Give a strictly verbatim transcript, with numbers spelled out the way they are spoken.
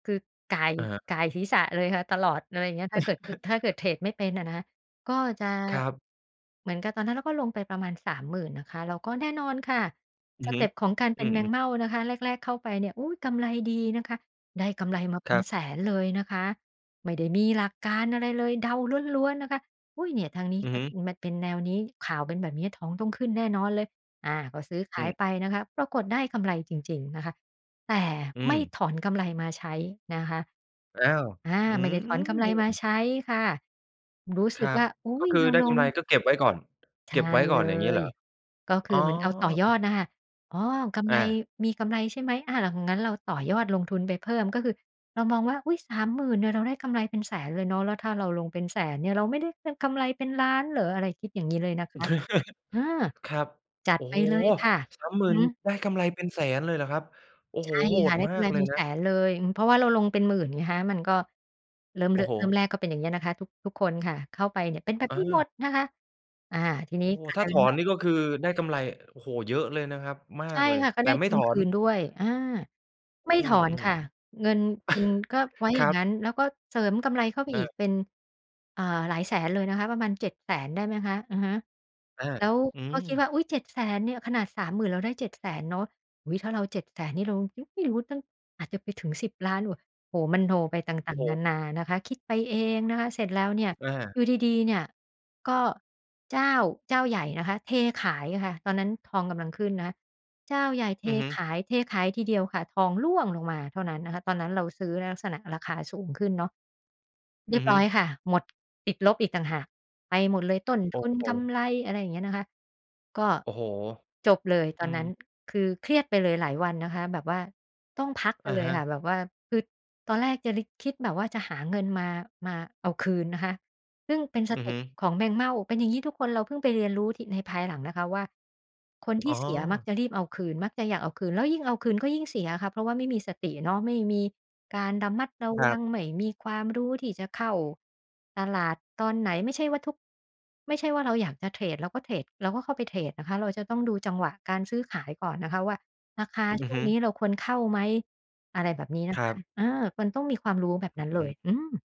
คือ ก่าย อะฮะ ก่ายศีรษะเลยค่ะ ตลอด อะไรอย่างเงี้ย ถ้าเกิด อ ถ้าเกิดเทรดไม่เป็นอะนะคะ ก็จะ ครับ เหมือนกับตอนนั้นเราก็ลงไปประมาณ สามหมื่น นะคะ แล้วก็แน่นอนค่ะ อืสอฮเึ ต็ปของการเปอ็ืนแมงอ ๆ เม่านะคะ แรก ๆ เข้าไปเนี่ย อุ๊ย! กำไรดีนะคะ ได้กำไรมาเปค็รันบ แสนเลยนะคะ ไม่ได้มีหลักการอะไรเลย เดาล้วน ๆ นะคะ อุ๊ย! เนี่ยทางนี้อืกอ็ ฮึ มันเป็นแนวนี้ ข่าวเป็นแบบนี้ทองต้องขึ้นแน่นอนเลย อ่า ก็ซื้อขอืายม ไปนะคะ ปรากฏได้กำไรจริง ๆ นะคะ แต่อืไม่ม ถอนกำไรมาใช้นะคะ อ้าว อา ฮ อืไม่ได้ถอนกำไรมาม ใช้ค่ะ รู้คสึรกัวบ ่า อุ๊ก็ย! คืเรอาได้ลกำไรง ก็เก็บไว้ก่อน ใชเก่็บไว้กเล่อน อย่างนี้เหย รอ? ก็คอ๋ืออ เหมือนเอาต่อยอดน่ะค่ะ อ๋อ กำอไร า มีกำไรใช่ไหม อ่า งั้นเราต่อยอดลงทุนไปเพิ่ม ก็คือเรามองว่า "อุ๊ย! สามหมื่น เนี่ย เราได้กำไรเป็นแสนเลยเนาะ แล้วถ้าเราลงเป็นแสนเนี่ย เราไม่ได้ ฮ กำไรเป็นล้านเหรอ?" อะไรคิด อย่างนี้เลยนะคะ อืม ครับ จัโดอ้ไปโฮ! เลยค่ะ สามหมือื่น อฮึ ได้กำไรเป็นแสนเลยเหรอครับ โอ้ใโชฮ! ่โหค่ดะ ได้มกาำไกรเลเปย็นนแะ สนเลย อือ เพราะว่าเราลงเป็นหมื่นไงคะ มันก็เริ่ม โอร ้โฮ! เริ่มแรกก็เป็นอย่างนี้นะคะ ทุก ทุกคนค่ะ เข้าไปเนี่ยเป็น แบบอนี้หมา ดนะคะ อา ทีนีโอ้้ กลาถ้ายเถป็นอว่นา นี่ ก็คือได้กำไร โอ้โฮ! เยอะเลยนะครับ มใชา่กเลย ค่ะ ก็แไตด่้ไมทุ่ถนอคน ืนด้วย อา ไอมื่ถอนอ ค่ะ ๆ เงินทุนก็ไว้อคย่ราังงั้น บ แล้วก็เสริมกำไรเข้าไปอีก เออ เป็น อ่า หลายแสนเลยนะคะ ประมาณ เจ็ดแสน ได้ไหมคะ อะฮะ อา แล้ว อืก็คิดม ว่า อุ๊ย! เจ็ดแสน เนี่ย ขนาด สามหมื่น เราได้ เจ็ดแสน เนาะ อุ๊ย ถ้าเรา เจ็ดแสน นี่เรา ฮึ ไม่รู้ ตั้ง อาจจะไปถึง สิบล้าน ว โอ้โฮ! มโนไปตโอ่้าง โฮ! ๆ นานานะคะ คิดไปเองนะคะ เสร็จแล้วเนี่ย อา อยู่ดี ๆ เนี่ย ก็เจ้า เจ้าใหญ่นะคะเทขายค่ะ ตอนนั้นทองกำลังขึ้นนะคะ เจ้าใหญ่เทอือฮึ ขาย เทขายทีเดียวค่ะ ทองร่วงลงมาเท่านั้นนะคะ ตอนนั้นเราซื้อในลักษณะราคาสูงขึ้นเนาะ เรอีืยอบฮรึ ้อยค่ะ หมด ติดลบอีกต่างหาก ไปหมดเลยต้นโอทุ้น โฮ! กำไร อะไรอย่างเงี้ยนะคะ ก็โอ้โฮ! จบเลยตอือนนม ั้น คือเครียดไปเลยหลายวันนะคะ แบบว่าต้องพักกัอนะเลฮยค่ะ ะ แบบว่าคือตอนแรกจะลิก คิดแบบว่าจะหาเงินมา มาเอาคืนนะคะ ซึ่งเป็นสอืเอต็ฮึ ปของแมงเม่า เป็นอย่างนี้ทุกคนเราเพิ่งไปเรียนรู้ที่ ในภายหลังนะคะว่า คนทอ๋ี่อ เสียมักจะรีบเอาคืน มักจะอยากเอาคืน แล้วยิ่งเอาคืนก็ยิ่งเสียค่ะ เพราะว่าไม่มีสติเนาะ ไม่มีการระมัด ระครวัับ ง ไม่มีความรู้ที่จะเข้าตลาดตอนไหน ไม่ใช่ว่าทุก ไม่ใช่ว่าเราอยากจะเทรด เราก็เทรด เราก็เข้าไปเทรดนะคะ เราจะต้องดูจังหวะการซื้อขายก่อนนะคะว่า ราคา อชือ่วฮงึ นี้เราควรเข้าไหม อะไรแบบนี้ นคะรคัะ บ เออ มันต้องมีความรู้แบบอืนั้อนฮเลย ึ อืม